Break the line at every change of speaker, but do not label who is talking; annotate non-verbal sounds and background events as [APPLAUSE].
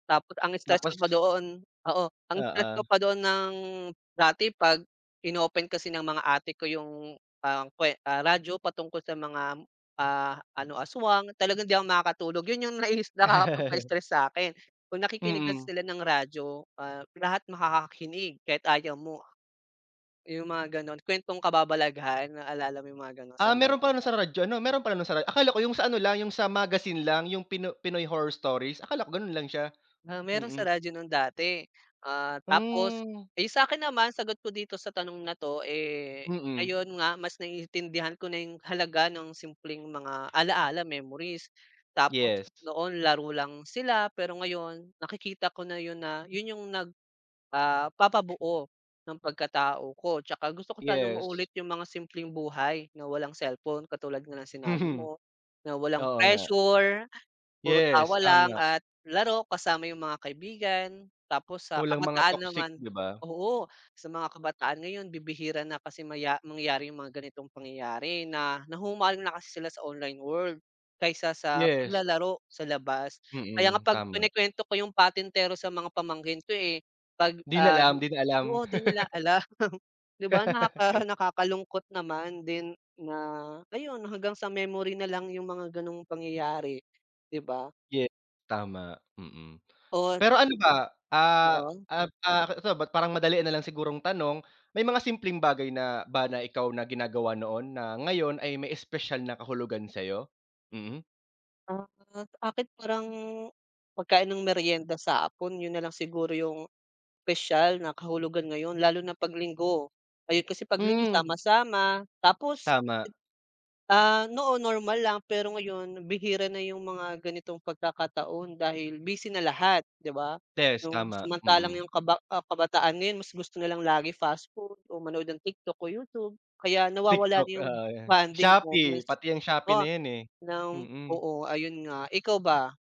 Tapos ang stress
Tapos
ko pa doon, oo, ang stress
Oo.
ko pa doon ng dati 'pag in-open kasi ng mga ate ko yung, ang kwe ah radyo patungkol sa mga, ah, ano aswang talagang hindi ako makakatulog, yun yung naiis
[LAUGHS]
nakakapagpa-stress sa'kin. Kung nakikinig kasi
Mm.
sila ng radyo, ah, lahat makakakinig kahit ayaw mo. Yung mga gano'n kwentong kababalagahan naalala mo yung mga gano'n sa
Ah, meron
madre
pala nung
pa.
sa radyo ano, meron pala nung sa ra akala ko yung sa ano lang yung sa magazine lang yung pino Pinoy Horror Stories, akala ko ganun lang siya,
Ah, meron sa
mm.
radyo nung dati, ah, tapos,
Hmm.
iyung sa'kin naman, sagot ko dito sa tanong na 'to eh,
Mm.
ayon nga mas naiintindihan ko na yung halaga ng simpleng mga ala-ala memories, tapos
Yes.
noon laro lang sila pero ngayon nakikita ko na yun na, yun yung nag, ah papabuo ng pagkatao ko tsaka gusto ko sanang
Yes.
maulit yung mga simpleng buhay na walang cellphone katulad nga ng sinabi
Mhm,
mo, na walang
oo nga.
pressure puro
Yes,
tawa lang
tama.
at laro kasama yung mga kaibigan tapos sa
Walang mga
kabataan
toxic
naman,
'di ba.
oo, sa mga kabataan ngayon bibihira na kasi maya mangyari yung mga ganitong pangyayari na nahuhumaling na kasi sila sa online world kaysa sa
Yes.
paglalaro sa labas. Kaya nga
Mm,
'pag
tama.
kinukwento ko yung patentero sa mga pamangkin ko eh, 'pag,
'Di na
ah
alam di na alam.
oo di nila
[LAUGHS]
alam, [CHUCKLES] 'di ba nakaka
[LAUGHS]
nakakalungkot naman din na ayun hanggang sa memory nalang yung mga ganong pangyayari, 'di ba.
Ye tama, mm.
Or
Pero ano ba, ah,
Oo.
ah, ah, so, ba't parang madalian nal ang sigurong tanong, may mga simpleng bagay na ba na ikaw na ginagawa noon na ngayon ay may espesyal na kahulugan sa'yo? Mhm.
Ah, akin parang pagkain ng merienda sa hapon yun nalang siguro yung spesyal na kahulugan ngayon lalo na 'pag linggo, ayun kasi 'pag linggo
Mm.
sama-sama tapos
Tama.
Ah, noon normal lang pero ngayon bihira na yung mga ganitong pagkakataon dahil busy na lahat, 'di ba.
Test
Yung
tama,
samantalang
mm.
yung kaba ah, kabataan mas gusto na lang lagi fast food o manood ng TikTok o YouTube kaya nawawala
TikTok,
na yung
oo yan,
bonding
Shopee
moments.
pati yang Shopee
Oh,
na yan eh,
ng
mm.
oo ayun nga, ikaw ba?